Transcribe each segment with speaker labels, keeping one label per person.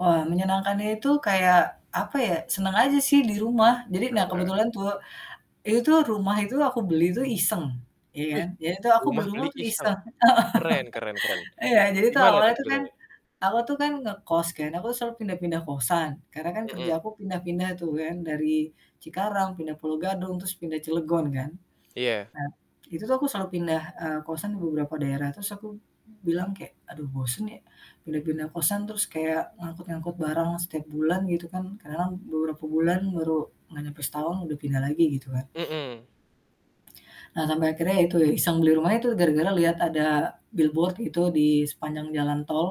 Speaker 1: Wah, menyenangkannya itu, apa ya, seneng aja sih di rumah. Jadi
Speaker 2: Heeh
Speaker 1: nah,
Speaker 2: heeh.
Speaker 1: kebetulan tuh, itu rumah itu aku beli tuh iseng, iya
Speaker 2: Wih!
Speaker 1: kan. Iya itu aku beli
Speaker 2: Rumah
Speaker 1: rumah
Speaker 2: beli,
Speaker 1: tuh
Speaker 2: iseng.
Speaker 1: iseng.
Speaker 2: Keren keren keren,
Speaker 1: Heeh, iya, jadi tuh
Speaker 2: gimana
Speaker 1: awalnya
Speaker 2: tuh
Speaker 1: tuh kan,
Speaker 2: ceritanya?
Speaker 1: aku tuh kan ngekos kan, aku selalu pindah-pindah kosan, karena kan kerja
Speaker 2: Mmm.
Speaker 1: aku pindah-pindah tuh kan. Dari Cikarang, pindah Pulo Gadung, terus pindah Cilegon kan.
Speaker 2: Iya.
Speaker 1: Nah, itu tuh aku selalu pindah, eee, kosan ke beberapa daerah, terus aku bilang kayak, "Aduh bosen ya, udah pindah kosan terus kayak ngangkut-ngangkut barang setiap bulan," gitu kan. Karena lam beberapa bulan baru gak nyampe setahun udah pindah lagi gitu kan.
Speaker 2: Mmm.
Speaker 1: Eee, sampai akhirnya ya itu ya, iseng. Beli rumahnya itu gara-gara liat ada billboard gitu, di sepanjang jalan tol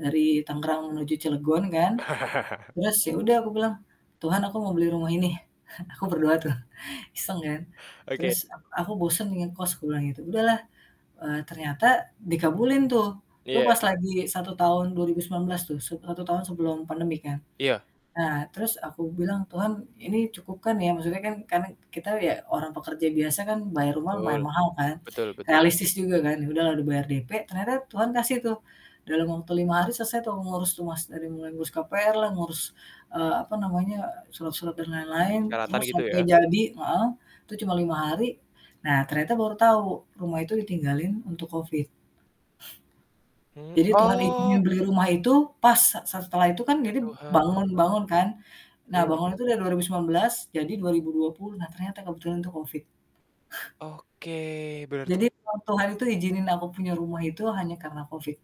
Speaker 1: dari Tangerang menuju Cilegon, kan. Terus ya udah aku bilang, "Tuhan aku mau beli rumah ini." Aku berdoa tuh, iseng kan,
Speaker 2: Oke.
Speaker 1: terus, "Aku aku bosen ngekos," aku bilang gitu. Udah lah, eee, ternyata dikabulin tuh, itu pas
Speaker 2: Iya.
Speaker 1: lagi 1 tahun 2019 tuh, set satu tahun sebelum pandemi kan.
Speaker 2: Iya.
Speaker 1: Nah, terus aku bilang, "Tuhan ini cukup kan ya?" Maksudnya kan karena kita ya orang pekerja biasa kan bayar rumah
Speaker 2: Betul,
Speaker 1: mayan mahal kan,
Speaker 2: betul betul.
Speaker 1: realistis juga kan. Ya udahlah udah bayar DP, ternyata Tuhan kasih tuh dalam waktu 5 hari selesai tuh ngurus rumah. Dari mulai ngurus KPR lah, ngurus, eee, apa namanya, surat-surat, dan lain-lain,
Speaker 2: Persyaratan,
Speaker 1: terus
Speaker 2: gitu ya?
Speaker 1: sampai jadi heeh, itu cuma 5 hari. Nah ternyata baru tahu, rumah itu ditinggalin untuk COVID.
Speaker 2: Hmm
Speaker 1: Jadi Tuhan izinin
Speaker 2: oh!
Speaker 1: beli rumah itu pas sa setelah itu kan
Speaker 2: Ya,
Speaker 1: jadi
Speaker 2: Tuhan.
Speaker 1: bangun-bangun kan, nah
Speaker 2: Iya.
Speaker 1: bangun itu dari 2019, jadi 2020. Nah, ternyata kebetulan untuk COVID.
Speaker 2: Oke, berarti
Speaker 1: Jadi Tuhan Tuhan itu izinin aku punya rumah itu hanya karena COVID.